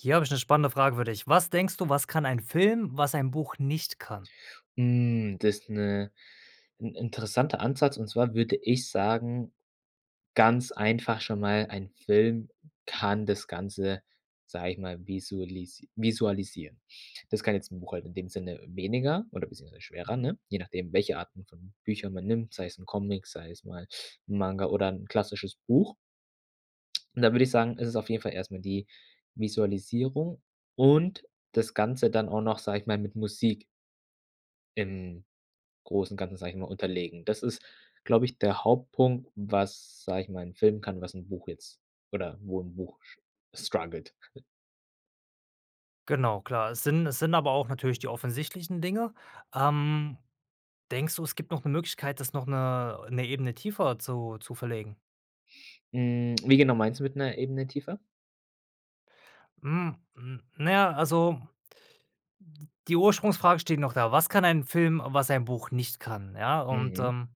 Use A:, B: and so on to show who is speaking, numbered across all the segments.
A: Hier habe ich 'ne spannende Frage für dich: Was denkst du, was kann ein Film, was ein Buch nicht kann?
B: Mhm, das ist 'ne 'n interessanter Ansatz und zwar würde ich sagen, ganz einfach schon mal, ein Film kann das Ganze, sage ich mal, visualis visualisieren. Das kann jetzt 'n Buch halt in dem Sinne weniger oder beziehungsweise schwerer, ne? Je nachdem welche Arten von Büchern man nimmt, sei es 'n Comic, sei es mal 'n Manga oder 'n klassisches Buch. Und dann würde ich sagen, es ist auf jeden Fall erst mal die Visualisierung und das Ganze dann auch noch, sage ich mal, mit Musik im großen Ganzen, sage ich mal, unterlegen. Das ist, glaube ich, der Hauptpunkt, was, sage ich mal, 'n Film kann, was 'n Buch jetzt oder wo 'n Buch sch struggelt.
A: Genau klar, es sind es sind aber auch natürlich die offensichtlichen Dinge. Ähm, denkst du, es gibt noch 'ne Möglichkeit, das noch 'ne 'ne Ebene tiefer zu zu verlegen?
B: Hm, wie genau meinst du mit „'ner Ebene tiefer?“
A: Hm, hm, naja, also die Ursprungsfrage steht noch da. Was kann ein Film, was ein Buch nicht kann, ja und,
B: Mhm.
A: ähm,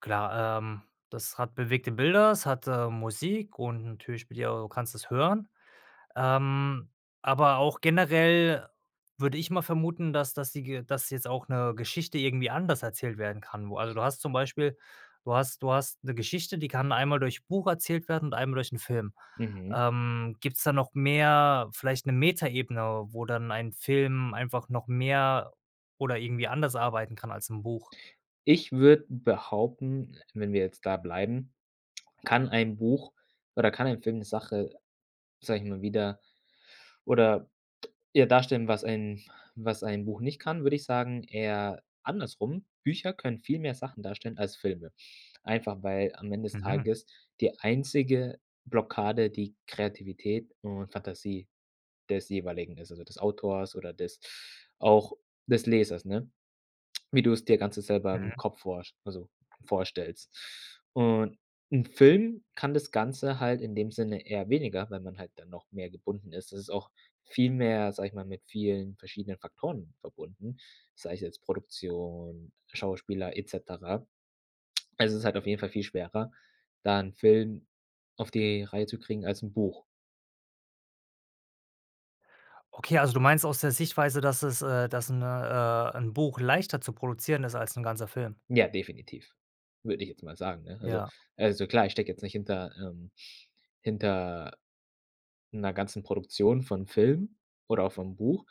A: klar, ähm, das hat bewegte Bilder, es hat, ähm, Musik und natürlich spielt ja du kannst es hören, ähm, aber auch generell würde ich mal vermuten, dass dass die Ge dass jetzt auch 'ne Geschichte irgendwie anders erzählt werden kann. Wo also du hast zum Beispiel du hast du hast 'ne Geschichte, die kann einmal durch Buch erzählt werden und einmal durch 'n Film.
B: Mhm.
A: Ähm, gibt's da noch mehr, vielleicht 'ne Metaebene, wo dann ein Film einfach noch mehr oder irgendwie anders arbeiten kann als 'n Buch?
B: Ich würde behaupten, wenn wir jetzt da bleiben, kann ein Buch oder kann ein Film 'ne Sache, sage ich mal, wieder oder eher darstellen, was ein was ein Buch nicht kann, würde ich sagen, eher andersrum, Bücher können viel mehr Sachen darstellen als Filme. Einfach, weil am Ende des
A: Mhm.
B: Tages die einzige Blockade die Kreativität und Fantasie des jeweiligen ist, also des Autors oder des auch des Lesers, ne? Wie du's dir ganze selber im
A: Mhm.
B: Kopf vorst also vorstellst und 'n Film kann das Ganze halt in dem Sinne eher weniger, weil man halt dann noch mehr gebunden ist. Es ist auch viel mehr, sage ich mal, mit vielen verschiedenen Faktoren verbunden, sei es jetzt Produktion, Schauspieler et cetera. Also, es ist halt auf jeden Fall viel schwerer, da 'n Film auf die Reihe zu kriegen als 'n Buch.
A: Okay, also du meinst aus der Sichtweise, dass es äh, dass 'ne äh, 'n Buch leichter zu produzieren ist als 'n ganzer Film.
B: Ja, definitiv, würde ich jetzt mal sagen, ne? Also
A: Ja.
B: also klar, ich stecke jetzt nicht hinter ähm, hinter 'ner ganzen Produktion von Filmen oder auch vom Buch,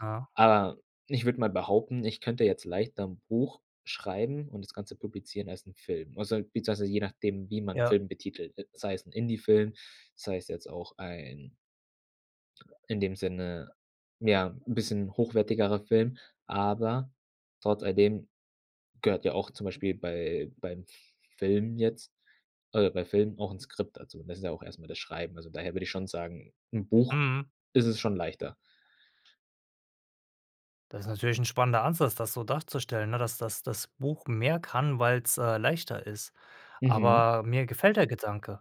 A: Ah.
B: aber ich würde mal behaupten, ich könnte jetzt leichter 'n Buch schreiben und das Ganze publizieren als 'n Film. Also, beziehungsweise je nachdem, wie man
A: Ja.
B: Film betitelt, sei es 'n Indie-Film, sei es jetzt auch ein in dem Sinne, ja, 'n bisschen hochwertigerer Film, aber trotz all dem gehört ja auch zum Beispiel bei beim Filmen jetzt, äh, bei Filmen auch 'n Skript dazu. Das ist ja auch erst mal das Schreiben. Also, daher würde ich schon sagen, im Buch
A: Mhm.
B: ist es schon leichter.
A: Das ist natürlich 'n spannender Ansatz, das so darzustellen, ne, dass das das Buch mehr kann, weil's, äh, leichter ist.
B: Mhm.
A: Aber mir gefällt der Gedanke.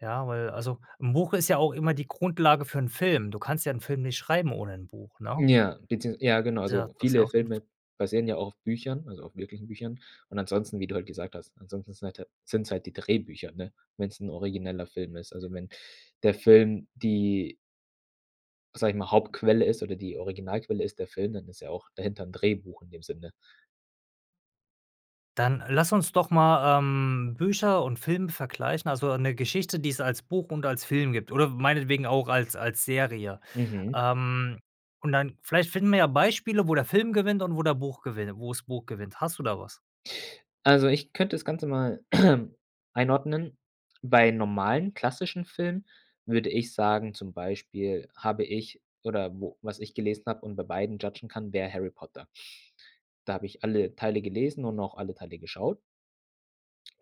A: Ja, weil also 'n Buch ist ja auch immer die Grundlage für 'n Film. du kannst ja 'n Film nicht schreiben ohne 'n Buch, ne?
B: Ja, beziehungs ja genau,
A: Ja,
B: also
A: das
B: viele
A: ja. [unintelligible]
B: Filme basieren ja auch auf Büchern, also auf wirklichen Büchern und ansonsten, wie du halt gesagt hast, ansonsten sind halt sind's halt die Drehbücher, ne, wenn's 'n origineller Film ist. Also wenn der Film die sage ich mal, Hauptquelle ist oder die Originalquelle ist der Film, dann ist ja auch dahinter 'n Drehbuch in dem Sinne.
A: Dann lass uns doch mal, ähm, Bücher und Film vergleichen, also 'ne Geschichte, die es als Buch und als Film gibt oder w meinetwegen auch als als Serie.
B: Mhm.
A: Ähm, und dann vielleicht finden wir ja Beispiele, wo der Film gewinnt und wo der Buch gewinn wo das Buch gewinnt. Hast du da was?
B: Also, ich könnte das Ganze mal einordnen. Bei normalen klassischen Filmen würde ich sagen, zum Beispiel habe ich oder wo was ich gelesen habe und bei beiden judgen kann, wäre Harry Potter. Da habe ich alle Teile gelesen und auch alle Teile geschaut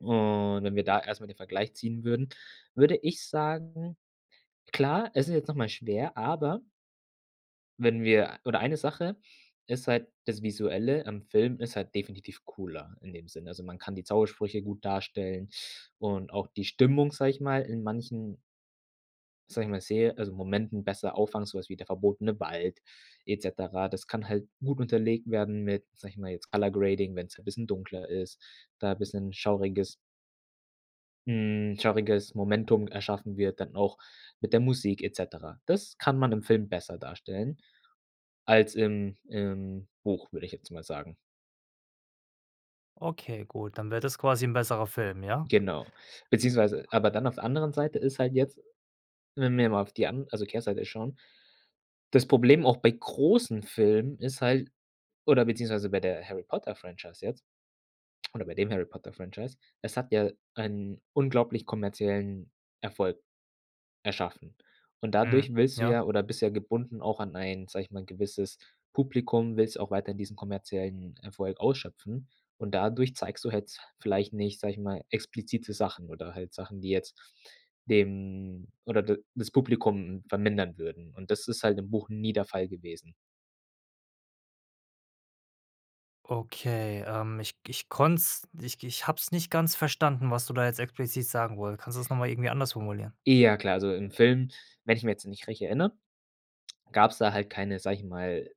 B: und wenn wir da erst mal den Vergleich ziehen würden, würde ich sagen, klar, es ist jetzt noch mal schwer, aber wenn wir oder eine Sache ist halt das Visuelle im Film ist halt definitiv cooler in dem Sinne. Also man kann die Zaubersprüche gut darstellen und auch die Stimmung, sage ich mal, in manchen sage ich mal, sehe also Momenten besser auffangen, so was wie der verbotene Wald et cetera. Das kann halt gut unterlegt werden mit, sage ich mal, jetzt color grading wenn's 'n bisschen dunkler ist, da bisschen schauriges hm, schauriges Momentum erschaffen wird dann auch mit der Musik et cetera. Das kann man im Film besser darstellen als im im Buch, würde ich jetzt mal sagen.
A: Okay, gut, dann wäre das quasi 'n besserer Film, ja?
B: Genau. Beziehungsweise aber dann auf der anderen Seite ist halt jetzt, wenn wir mal auf die an also Kehrseite schauen, das Problem, auch bei großen Filmen ist halt oder beziehungsweise bei der Harry-Potter-Franchise jetzt oder bei dem Harry-Potter-Franchise: Es hat ja einen unglaublich kommerziellen Erfolg erschaffen. Und
A: Mhm.
B: dadurch willst du
A: Ja.
B: ja oder bist ja gebunden auch an ein, sage ich mal, gewisses Publikum, willst ja auch weiterhin diesen kommerziellen Erfolg ausschöpfen. Und dadurch zeigst du jetzt vielleicht nicht, sage ich mal, explizite Sachen oder halt Sachen, die jetzt dem oder d das Publikum vermindern würden. Und das ist halt im Buch nie der Fall gewesen.
A: Okay, ähm, ich ich konnte es ich ich habe es nicht ganz verstanden, was du da jetzt explizit sagen wolltest. Kannst du das noch mal irgendwie anders formulieren?
B: Eh, ja klar. Also im Film, wenn ich mich jetzt nicht recht erinnere, gab's da halt keine, sage ich mal,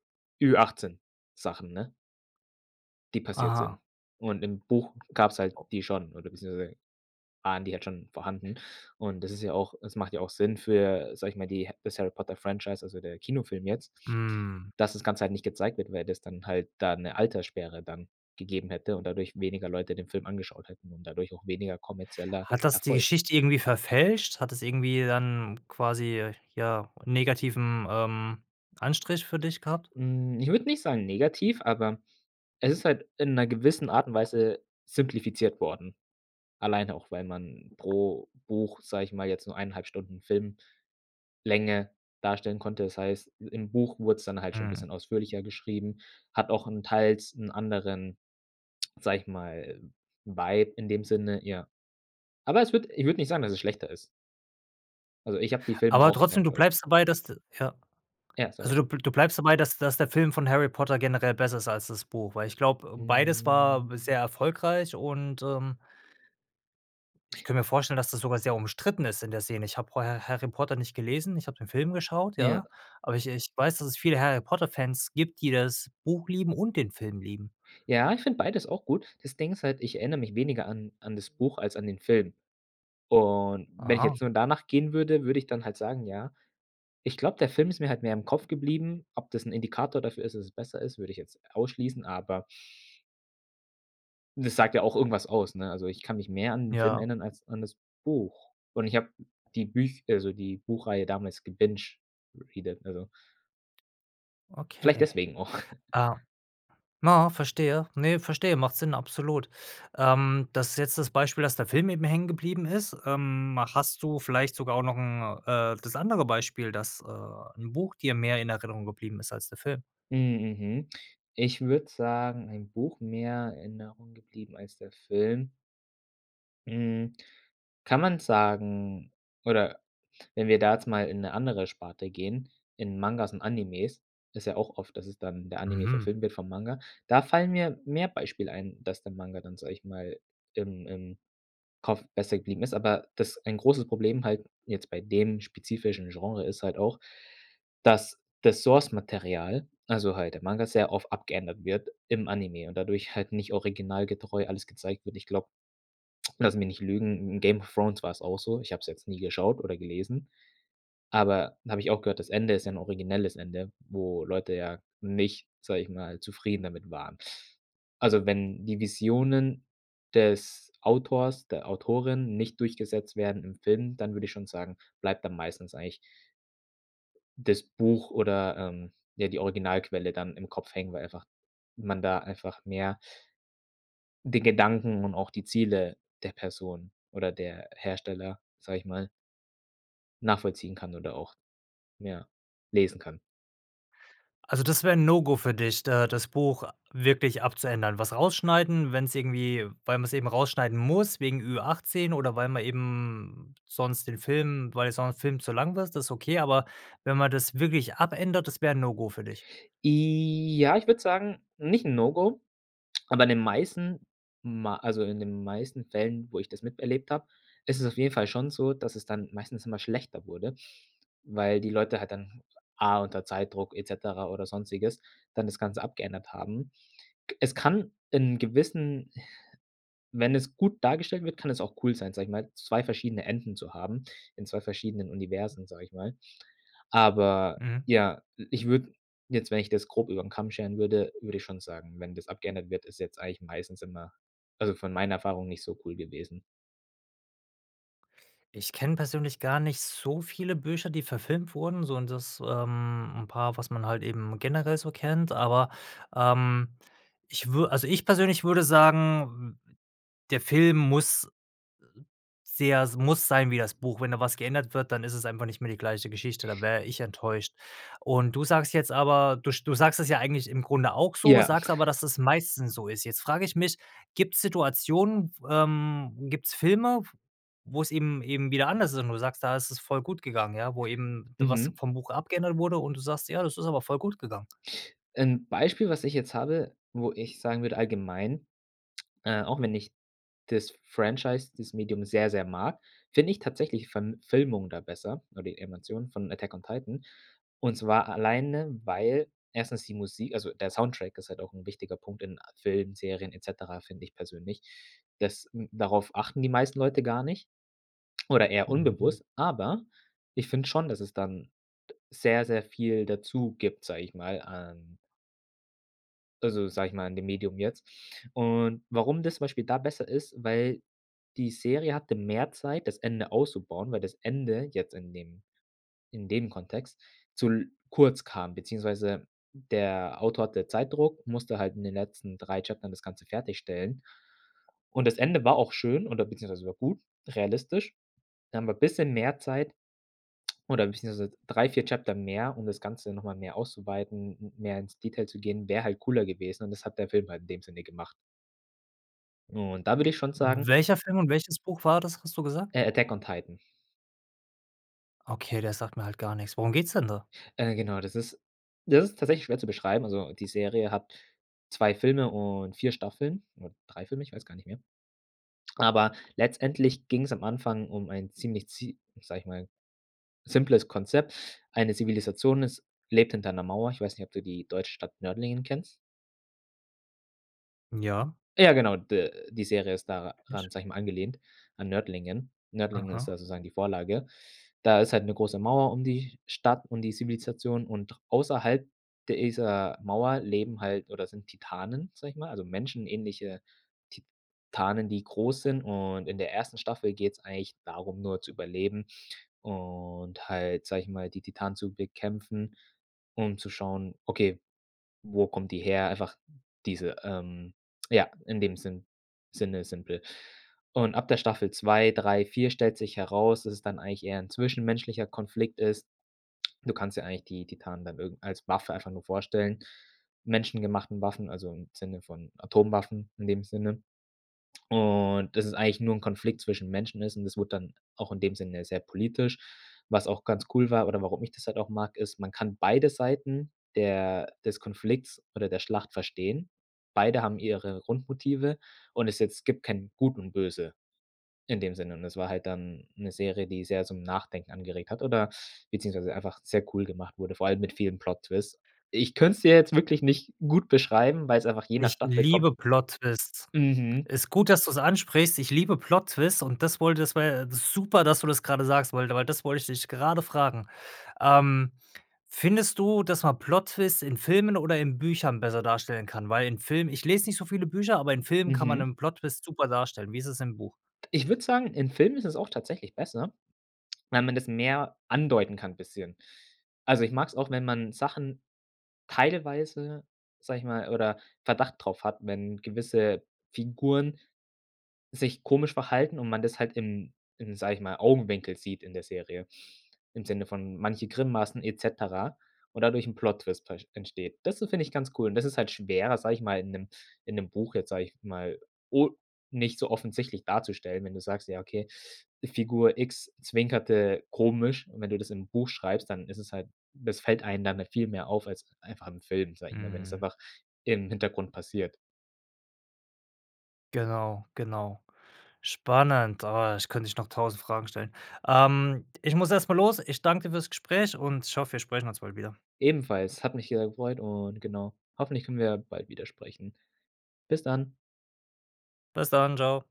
B: Ü 18- Sachen, ne die passiert sind.
A: Aha.
B: Und im Buch gab's halt
A: [unintelligible]
B: die schon oder beziehungsweise waren die halt schon vorhanden. Und das ist ja auch es macht ja auch Sinn für, sage ich mal, die das Harry-Potter-Franchise, also der Kinofilm jetzt,
A: Mhm.
B: dass das Ganze halt nicht gezeigt wird, weil das dann halt da 'ne Alterssperre dann gegeben hätte und dadurch weniger Leute den Film angeschaut hätten und dadurch auch weniger kommerzieller
A: Hat das die
B: Erfolg.
A: Geschichte irgendwie verfälscht? Hat das irgendwie dann quasi, ja, 'n negativen, ähm, Anstrich für dich gehabt?
B: Hm, ich würde nicht sagen negativ, aber es ist halt in 'ner gewissen Art und Weise simplifiziert worden. Alleine auch, weil man pro Buch, sage ich mal, jetzt nur 1,5 Stunden Filmlänge darstellen konnte. Das heißt, im Buch wurd's dann halt schon 'n
A: Mhm.
B: bisschen ausführlicher geschrieben, hat auch 'n teils 'n anderen, sage ich mal, Vibe in dem Sinne, ja. Aber es würde ich würde nicht sagen, dass es schlechter ist. Also ich hab die Filme
A: Aber
B: auch sehr
A: trotzdem, du
B: enjoyed.
A: bleibst dabei, dass d Ja.
B: Ja,
A: Also,
B: sorry.
A: du bl du bleibst dabei, dass dass der Film von Harry Potter generell besser ist als das Buch? Weil ich glaube, beides war sehr
B: Hm.
A: erfolgreich und, ähm ich könnte mir vorstellen, dass das sogar sehr umstritten ist in der Szene. Ich habe vorher Harry Potter nicht gelesen, ich habe den Film geschaut,
B: Ja.
A: ja? Aber ich ich weiß, dass es viele Harry Potter-Fans gibt, die das Buch lieben und den Film lieben.
B: Ja, ich finde beides auch gut. Das Ding ist halt, ich erinnere mich weniger an an das Buch als an den Film. Und wenn ich
A: Aha.
B: jetzt nur danach gehen würde, würde ich dann halt sagen: „Ja, ich glaube, der Film ist mir halt mehr im Kopf geblieben.“ Ob das 'n Indikator dafür ist, dass es besser ist, würde ich jetzt ausschließen, aber das sagt ja auch irgendwas aus, ne? Also ich kann mich mehr an 'n Film
A: Ja.
B: ändern als an das Buch. Und ich hab die Büch also die Buchreihe damals gebinged, repeated, also vielleicht
A: Okay.
B: deswegen auch.
A: Ah, na verstehe. Ne, verstehe, macht Sinn, absolut. Ähm. Das ist jetzt das Beispiel, dass der Film eben hängen geblieben ist. Ähm, hast du vielleicht sogar auch noch 'n äh, das andere Beispiel, dass, äh, 'n Buch dir mehr in Erinnerung geblieben ist als der Film?
B: Hm, mhm. Ich würde sagen ein Buch mehr in Erinnerung geblieben als der Film. Mhm, kann man sagen, oder wenn wir da jetzt mal in 'ne andere Sparte gehen, in Mangas und Animes. Ist ja auch oft, dass es dann in der Anime
A: Mhm.
B: verfilmt wird vom Manga, da fallen mir mehr Beispiele ein, dass der Manga dann, sage ich mal, im im Kopf besser geblieben ist. Aber das ein großes Problem halt jetzt bei dem spezifischen Genre ist halt auch, dass das Source-Material, also halt der Manga, sehr oft abgeändert wird im Anime und dadurch halt nicht originalgetreu alles gezeigt wird. Ich glaube, lass mich nicht lügen, in „Game of Thrones“ war's auch so. Ich hab es jetzt nie geschaut oder gelesen, aber habe ich auch gehört, das Ende ist ja 'n originelles Ende, wo Leute ja nicht, sage ich mal, zufrieden damit waren. Also, wenn die Visionen des Autors, der Autorin nicht durchgesetzt werden im Film, dann würde ich schon sagen, bleibt dann meistens eigentlich das Buch oder, ähm, ja, die Originalquelle dann im Kopf hängen, weil einfach man da einfach mehr den Gedanken und auch die Ziele der Person oder der Hersteller, sage ich mal nachvollziehen kann oder auch, ja, lesen kann.
A: Also das wäre 'n No-Go für dich, da das Buch wirklich abzuändern. Was rausschneiden, wenn's irgendwie weil man's eben rausschneiden muss wegen Ü-18 oder weil man eben sonst den Film weil sonst Film zu lang wird, das ist okay, aber wenn man das wirklich abändert, das wäre 'n No-Go für dich?
B: Ja, ich würde sagen, nicht 'n No-Go, aber in den meisten ma also in den meisten Fällen, wo ich das miterlebt habe, ist es auf jeden Fall schon so, dass es dann meistens immer schlechter wurde, weil die Leute halt dann, A unter Zeitdruck et cetera oder Sonstiges, dann das Ganze abgeändert haben. Es kann in gewissen wenn es gut dargestellt wird, kann es auch cool sein, sage ich mal, 2 verschiedene Enden zu haben in 2 verschiedenen Universen, sage ich mal. Aber
A: Mhm.
B: ja, ich würde jetzt wenn ich das grob über 'n Kamm scheren würde, würde ich schon sagen, wenn das abgeändert wird, ist jetzt eigentlich meistens immer, also von meiner Erfahrung, nicht so cool gewesen.
A: Ich kenne persönlich gar nicht so viele Bücher, die verfilmt wurden, sondern das, ähm, 'n paar, was man halt eben generell so kennt, aber ähm, ich wür also ich persönlich würde sagen, w w der Film muss sehr es muss sein wie das Buch, wenn da was geändert wird, dann ist es einfach nicht mehr die gleiche Geschichte, da wäre ich enttäuscht. Und du sagst jetzt aber, du sch du sagst es ja eigentlich im Grunde auch so,
B: Ja.
A: sagst aber, dass es meistens so ist. Jetzt frage ich mich: „Gibt's Situationen, ähm, gibt's Filme, f wo's eben eben wieder anders sind und du sagst: 'Da isses voll gut gegangen'. Ja, wo eben, was
B: Mhm.
A: vom Buch abgeändert wurde und du sagst: 'Ja, das ist aber voll gut gegangen'?“
B: Ein Beispiel, was ich jetzt habe, wo ich sagen würde allgemein äh, auch wenn ich das Franchise, das Medium sehr, sehr mag, finde ich tatsächlich von Filmungen da besser oder die Animation von „Attack on Titan“. Und zwar alleine, weil 1. die Musik also der Soundtrack ist halt auch 'n wichtiger Punkt in a Filmen, Serien et cetera, finde ich persönlich. Das n darauf achten die meisten Leute gar nicht oder eher
A: Mhm.
B: unbewusst. Aber, ich finde schon, dass es dann sehr, sehr viel dazu gibt, sage ich mal, an also sage ich mal, an dem Medium jetzt. Und warum das zum Beispiel da besser ist, weil die Serie hatte mehr Zeit, das Ende auszubauen, weil das Ende jetzt in dem in dem Kontext zu l kurz kam, beziehungsweise der Autor hatte Zeitdruck, musste halt in den letzten 3 Chaptern das Ganze fertigstellen. Und das Ende war auch schön oder beziehungsweise war gut, realistisch. Da haben wir bisschen mehr Zeit oder beziehungsweise 3, 4 Chapter mehr, um das Ganze noch mal mehr auszuweiten, m mehr ins Detail zu gehen, wäre halt cooler gewesen und das hat der Film halt in dem Sinne gemacht. Und da würde ich schon sagen
A: Welcher Film und welches Buch war das, hast du gesagt?
B: äh, Attack on Titan.
A: Okay, der sagt mir halt gar nix. Worum geht's denn da?
B: Äh, genau, das ist das ist tatsächlich schwer zu beschreiben. Also die Serie hat 2 Filme und 4 Staffeln oder 3 Filme, ich weiß gar nicht mehr. Aber letztendlich ging's am Anfang um ein ziemlich zie sage ich mal, simples Konzept. Eine Zivilisation ist lebt hinter 'ner Mauer. Ich weiß nicht, ob du die deutsche Stadt Nördlingen kennst?
A: Ja.
B: Ja, genau, d-die Serie ist daran,
A: [unintelligible]
B: sage ich mal, angelehnt an Nördlingen. Nördlingen ist
A: Aha.
B: da sozusagen die Vorlage. Da ist halt 'ne große Mauer um die Stadt und die Zivilisation und außerhalb dieser Mauer leben halt oder sind Titanen, sage ich mal, also menschenähnliche Titanen, die groß sind. Und in der ersten Staffel geht's eigentlich darum, nur zu überleben und halt, sage ich mal, die Titanen zu bekämpfen, um zu schauen, okay, wo kommt die her? Einfach diese ähm, ja, in dem Sinn Sinne simpel. Und ab der Staffel 2, 3, 4 stellt sich heraus, dass es dann eigentlich eher 'n zwischenmenschlicher Konflikt ist. Du kannst dir eigentlich die Titanen dann irgend als Waffe einfach nur vorstellen, menschengemachten Waffen, also im Sinne von Atomwaffen in dem Sinne. Und dass es eigentlich nur 'n Konflikt zwischen Menschen ist und das wurde dann auch in dem Sinne sehr politisch. Was auch ganz cool war oder warum ich das halt auch mag, ist: Man kann beide Seiten der des Konflikts oder der Schlacht verstehen. Beide haben ihre Grundmotive und ist jetzt gibt kein Gut und Böse in dem Sinne. Es war halt dann 'ne Serie, die sehr zum Nachdenken angeregt hat oder beziehungsweise einfach sehr cool gemacht wurde, vor allem mit vielen Plot Twist. Ich könnt's dir jetzt wirklich nicht gut beschreiben, weil's einfach je nach
A: Ich
B: Staffel kommt.
A: liebe Plot Twists.
B: Mhm.
A: Ist gut, dass du's ansprichst, ich liebe Plot Twists und das wollte das, war, ja, äh, super, dass du das gerade sagst weil da weil das wollte, ich dich gerade fragen. Ähm, findest du, dass man Plot Twists in Filmen oder in Büchern besser darstellen kann, weil in Filmen ich lese nicht so viele Bücher, aber in Filmen kann man
B: Mhm.
A: 'nen Plot Twist super darstellen. Wie ist es im Buch?
B: Ich würde sagen, in Filmen ist es auch tatsächlich besser, weil man das mehr andeuten kann bisschen. Also ich mag es auch, wenn man Sachen teilweise, sage ich mal, oder Verdacht drauf hat, wenn gewisse Figuren sich komisch verhalten und man das halt im im, sage ich mal, Augenwinkel sieht in der Serie, im Sinne von manche Grimmassen et cetera und dadurch 'n Plot Twist ver entsteht. Das so finde ich ganz cool und das ist halt schwerer, sage ich mal, in 'nem in 'nem Buch jetzt, sage ich mal, o nicht so offensichtlich darzustellen, wenn du sagst, ja, okay, Figur X zwinkerte komisch. Und wenn du das im Buch schreibst, dann ist es halt das fällt einem dann viel mehr auf als einfach im Film, sage ich mal, wenn es
A: Mhm.
B: einfach im Hintergrund passiert.
A: Genau, genau. Spannend, oh, ich könnte dich noch 1.000 Fragen stellen. Ähm, ich muss erst mal los. Ich danke dir fürs Gespräch und ich hoffe, wir sprechen uns bald wieder.
B: Ebenfalls, hat mich, äh, gefreut und genau, hoffentlich können wir bald wieder sprechen. Bis dann.
A: Bis dann. Tschau.